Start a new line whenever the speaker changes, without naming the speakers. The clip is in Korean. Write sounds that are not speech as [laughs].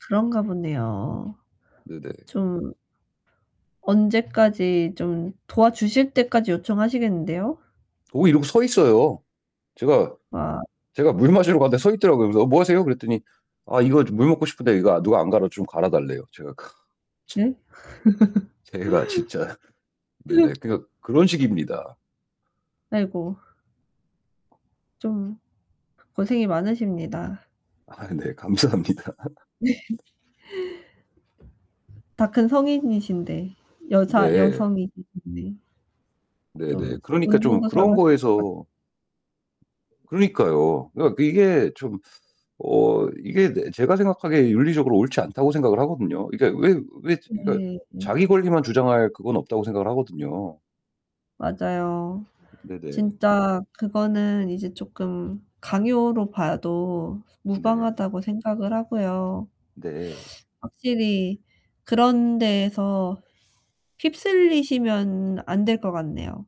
그런가 보네요.
네네.
좀 언제 까지 좀 도와주실 때까지 요청하시겠는데요?
오 이러고 서 있어요. 제가
아.
제가 물 마시러 갔는데 서 있더라고요. 그래서 "어 뭐 하세요?" 그랬더니 아 이거 저 물 먹고 싶은데 이거 아 누가 안 갈아 좀 갈아 달래요. 제가 크 참
음?
제가 진짜 네네
[laughs]
그러니까 그런 식입니다.
아이고. 좀 고생이 많으십니다.
아 네. 감사합니다.
네 다 큰 성인이신데 여자
네.
여성이신데
네네.
좀
그러니까 좀
운동도
그런
잘하실 것 같
거에서 그러니까요. 그러니까 이게 좀 어 이게 네 제가 생각하기에 윤리적으로 옳지 않다고 생각을 하거든요. 이게 왜 왜 그러니까
네 예.
자기 권리만 주장할 그건 없다고 생각을 하거든요.
맞아요.
네네.
진짜 그거는 이제 쪼끔 강요로 봐도
네.
무방하다고 생각을 하고요.
네.
확실히 그런 데에서 휩쓸리시면 안 될 것 같네요.